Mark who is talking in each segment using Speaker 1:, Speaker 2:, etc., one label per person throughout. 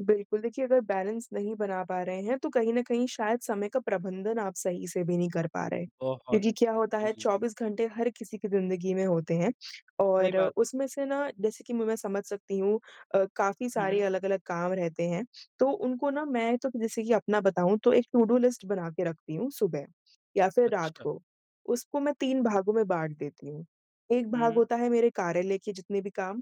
Speaker 1: बिल्कुल, देखिए अगर बैलेंस नहीं बना पा रहे हैं तो कहीं न कहीं शायद समय का प्रबंधन आप सही से अभी नहीं कर पा रहे हैं।
Speaker 2: बहुत
Speaker 1: क्योंकि क्या
Speaker 2: अच्छे,
Speaker 1: होता है
Speaker 2: जी।
Speaker 1: 24 घंटे हर किसी की ज़िंदगी में होते हैं
Speaker 2: सही
Speaker 1: और
Speaker 2: बात।
Speaker 1: उसमें से ना जैसे कि म मैं समझ सकती हूँ अ, काफ़ी
Speaker 2: हुँ,
Speaker 1: सारे
Speaker 2: हुँ।
Speaker 1: अलग-अलग काम रहते हैं। तो उनको ना मैं तो जैसे कि अपना बताऊँ तो एक टु डू लिस्ट बना के रखती हूँ सुबह, या फिर रात
Speaker 2: अच्छा।
Speaker 1: को। उसको मैं 3 भागों में बाँट देती हूँ, एक
Speaker 2: हुँ,
Speaker 1: भाग
Speaker 2: हुँ।
Speaker 1: होता है मेरे कार्यालय के जितने भी काम,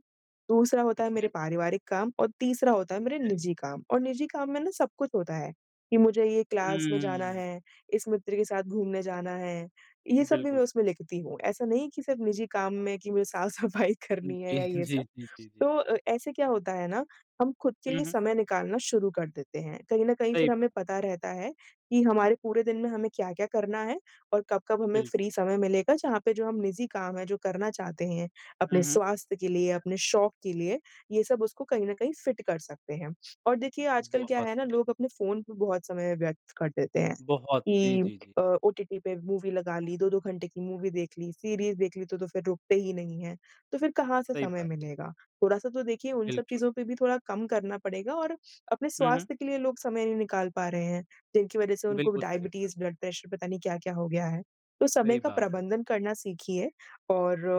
Speaker 1: दूसरा होता
Speaker 2: ठीक
Speaker 1: है मेरे
Speaker 2: है।
Speaker 1: पारिवारिक काम, और तीसरा होता है
Speaker 2: ठीक
Speaker 1: मेरे
Speaker 2: है।
Speaker 1: निजी काम। और निजी काम में ना सब कुछ होता है, कि मुझे ये क्लास में जाना
Speaker 2: हम्म।
Speaker 1: है। इस मित्र के साथ घूमने जाना है, ये सब भी
Speaker 2: बिल्कुल।
Speaker 1: मैं उसमें लिखती हूँ। ऐसा नहीं है कि सिर्फ़ निजी काम में कि मुझे साफ-सफाई
Speaker 2: उम,
Speaker 1: करनी है
Speaker 2: जी,
Speaker 1: या ये
Speaker 2: जी,
Speaker 1: सब।
Speaker 2: जी, जी, जी।
Speaker 1: तो ए ऐसे क्या होता है ना हम खुद के
Speaker 2: हुँ,
Speaker 1: लिए
Speaker 2: हुँ।
Speaker 1: समय निकालना शुरू कर देते हैं कहीं न कहीं
Speaker 2: सही
Speaker 1: फिर
Speaker 2: बात।
Speaker 1: हमें पता रहता है कि हमारे पूरे दिन में हमें क्या-क्या करना है? और कब-कब हमें
Speaker 2: बिल्कुल।
Speaker 1: फ्री समय मिलेगा जहाँ पे जो हम निजी काम है जो करना चाहते हैं अपने
Speaker 2: हुँ, हुँ।
Speaker 1: स्वास्थ्य के लिए अपने शौक के लिए ये सब उसको कहीं न कहीं फिट कर सकते हैं। और देखिए आजकल क्या
Speaker 2: बहुत
Speaker 1: है ना
Speaker 2: अच्छे।
Speaker 1: लोग अपने फ़ोन पे बहुत समय व्यर्थ कर देते हैं।
Speaker 2: बहुत जी,
Speaker 1: कि
Speaker 2: जी, जी।
Speaker 1: अ, ओटीटी पे मूवी लगा ली, 2-2 घंटे की मूवी देख ली, सीरीज़ देख ली तो फिर रुकते ही नहीं है, तो फिर कहाँ से
Speaker 2: सही
Speaker 1: समय
Speaker 2: बात।
Speaker 1: मिलेगा? थोड़ा-सा तो देखिए उन सब
Speaker 2: बिल्कुल।
Speaker 1: चीज़ों पे भी थोड़ा कम करना पड़ेगा और अपने
Speaker 2: हुँ, हुँ।
Speaker 1: स्वास्थ्य के लिए लोग समय नहीं निकाल पा रहे हैं, तो उनकी वजह से उनको
Speaker 2: बिल्कुल, सही बात।
Speaker 1: डायबिटीज, ब्लड प्रेशर पता नहीं क्या-क्या हो गया है? तो समय
Speaker 2: सही
Speaker 1: का
Speaker 2: बात है।
Speaker 1: प्रबंधन करना सीखिए,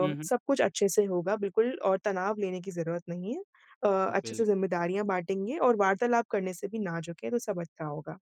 Speaker 2: हुँ, हुँ।
Speaker 1: सब कुछ अच्छे से होगा बिल्कुल और तनाव लेने की ज़रूरत नहीं है। अ, अच्छे
Speaker 2: बिल
Speaker 1: से जिम्मेदारियाँ बाँटेंगे और वार्तालाप करने से भी ना झुके, तो सब अच्छा होगा।